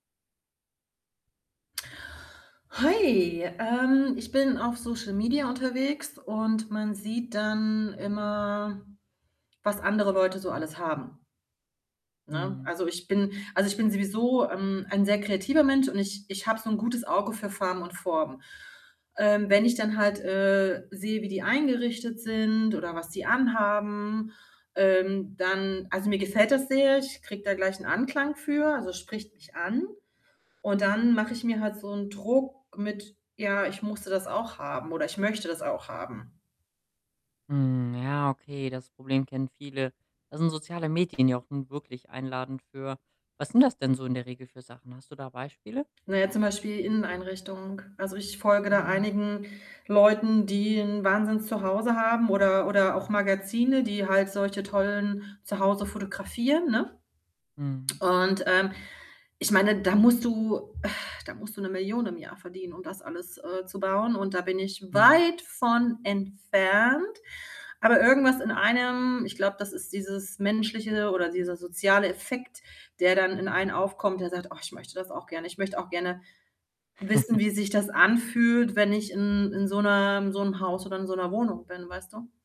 Hi, ähm, ich bin auf Social Media unterwegs und man sieht dann immer, was andere Leute so alles haben. Ne? Mhm. Also, ich bin also ich bin sowieso, ähm, ein sehr kreativer Mensch und ich ich habe so 'n gutes Auge für Farben und Formen. Ähm, wenn ich dann halt, äh, sehe, wie die eingerichtet sind oder was die an haben, ähm, dann also, mir gefällt das sehr, ich kriege da gleich 'n Anklang für, also, es spricht mich an. Und dann mache ich mir halt so 'n Druck mit: „Ja, ich musste das auch haben” oder: „Ich möchte das auch haben.” Mhm, ja, okay, das Problem kennen viele. Da sind soziale Medien ja auch nun wirklich einladend für was sind das denn so in der Regel für Sachen? Hast du da Beispiele? Na ja, zum Beispiel Inneneinrichtung. Also, ich folge da Mm. einigen Leuten, die 'n Wahnsinns Zuhause haben oder oder auch Magazine, die halt solche tollen Zuhause fotografieren, ne? Mhm. Und, ähm, ich meine, da musst du da musst du 'ne 1.000.000 im Jahr verdienen, um das alles, äh, zu bauen und da bin ich Mhm. weit von entfernt. Aber irgendwas in einem, ich glaube, das ist dieses menschliche oder dieser soziale Effekt, der dann in einem aufkommt, der sagt: „Oh, ich möchte das auch gerne.” Ich möchte auch gerne wissen, wie sich das anfühlt, wenn ich in in so 'ner in so 'm Haus oder in so 'ner Wohnung bin, weißt du?